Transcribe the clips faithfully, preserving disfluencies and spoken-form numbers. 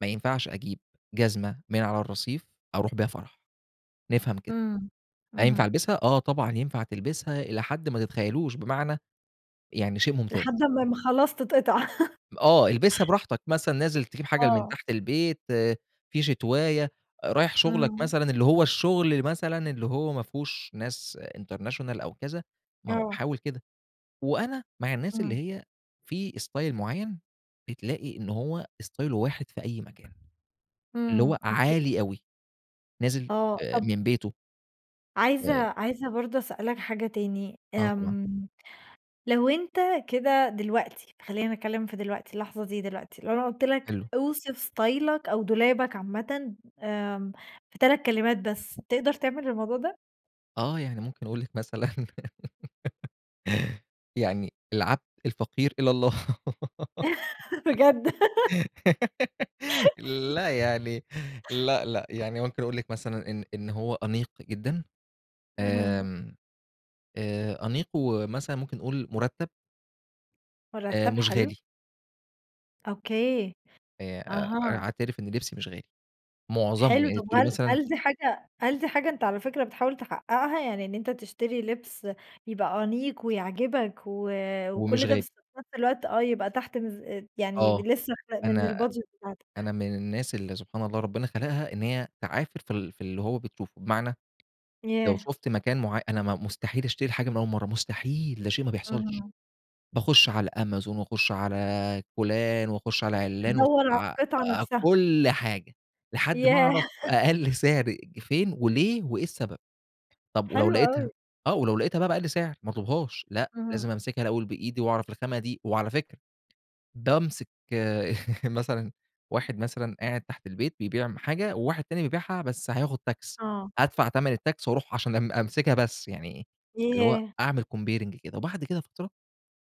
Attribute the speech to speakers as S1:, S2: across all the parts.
S1: ما ينفعش أجيب جزمة من على الرصيف أرُوح بيها فرَح، نفهم كده.
S2: إمم.
S1: هينفَع
S2: اهم.
S1: ألبِسها؟ آه، طبعًا ينفَع تلبِسها إلى حد ما تتخيّلوش، بمعنى؟ يعني شيء ممتاز.
S2: لحد أمّا ما خلاص تتقطِع.
S1: آه البِسها براحتك، مثلًا نازل تجيب حاجة من
S2: آه.
S1: تحت البيت، في شتواية، رايح شُغلك
S2: امم.
S1: مثلًا، اللي هو الشغل مثلًا اللي هو ما فهوش ناس international أو كذا، ما هو
S2: آه.
S1: حاوِل كده. وأنا مع الناس اللي
S2: إمم.
S1: هي في style معيّن بتلاقي إن هو ستايله واحد في أي مكان اللي هو
S2: إمم أوك
S1: عالي أوي، نازل
S2: آه،
S1: آآ
S2: طَب
S1: من بيته.
S2: عايزة
S1: آآ
S2: عايزة برضه أسألك حاجة تاني،
S1: آه طبعًا.
S2: آمم، لو أنت كده دلوقتي، خلّيني أتكلّم في دلوقتي، اللحظة دي دلوقتي، لو أنا قُلت لك
S1: حلو.
S2: أوصِف إستايلك أو دولابك عامةً آمم، في تلات كلمات بس، تقدَر تعمل الموضوع ده؟
S1: آه يعني ممكن أقول لِك مثلًا يعني، العبد الفقير إلى الله
S2: بجد!
S1: لأ، يعني لأ، لأ، يعني ممكن أقول لِك مثلًا إن إن هو أنيق جدًا
S2: اهم.
S1: آمم، آآ، أنيق ومثلًا ممكن نقول مُرتَّب. آآ،
S2: مُرتَّب،
S1: مش
S2: حلو.
S1: غالي.
S2: أوكي.
S1: آآ أ أنا
S2: أها.
S1: أعترِف إن لِبسي مش غالي، مُعظَمه
S2: حلو،
S1: يعني
S2: طَب
S1: تقولي
S2: هل
S1: مثلًا
S2: هل دي حاجة هل دي حاجة أنت على فكرة بتحاول تحقّقها، يعني إن أنت تشتري لِبس يبقى أنيق ويعجِبك و
S1: ومش
S2: وكلّ ده
S1: غالي.
S2: بس في نفس الوقت، آه يبقى تحت ميز يعني
S1: آه.
S2: لسه من
S1: أنا
S2: الbudget بتاعتك؟
S1: أنا من الناس اللي سبحان الله ربنا خلَقها إن هي تعافِر في ال في اللي هو بتشوفه، بمعنى، لو
S2: ياه!
S1: شُفت مكان معيّ أنا مستحيل أشتري حاجة من أول مرَّة، مستحيل، ده شيء ما بيحصَلش،
S2: اهم.
S1: باخش على أمازون وأخش على فلان وأخش على عِلّان وأشو
S2: تدوَّر على
S1: ع
S2: القِطعة
S1: علي
S2: نفْسها.
S1: كل حاجة، لحد ما أعرف
S2: ياه!
S1: أقل سِعر فين وليه وإيه السبب. طَب ولو
S2: حلو أوي.
S1: لقيتها، آه، ولو لقيتها بقي بأقل سِعر ما اطلُبهاش، لأ،
S2: اهم.
S1: لازم أمسِكها الأول بإيدي وأعرف الخامة دي، وعلى فكرة بامسِك آآ مثلًا واحد، مثلًا قاعد تحت البيت بيبيع م حاجة وواحد تاني بيبيعها بس هياخد tax
S2: آه.
S1: أدفَع تمَن الtax وأرُوح عشان أم أمسِكها بس، يعني اللي هو
S2: ياه!
S1: أعمل comparing كده وبَعد كده فترة،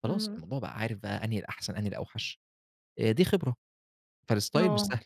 S1: خلاص،
S2: إمم.
S1: الموضوع بقى عارف بقي أنهي الأحسن، أنهي الأوحش آآ، دي خبرة. فالstyle مش
S2: آه.
S1: سهْل.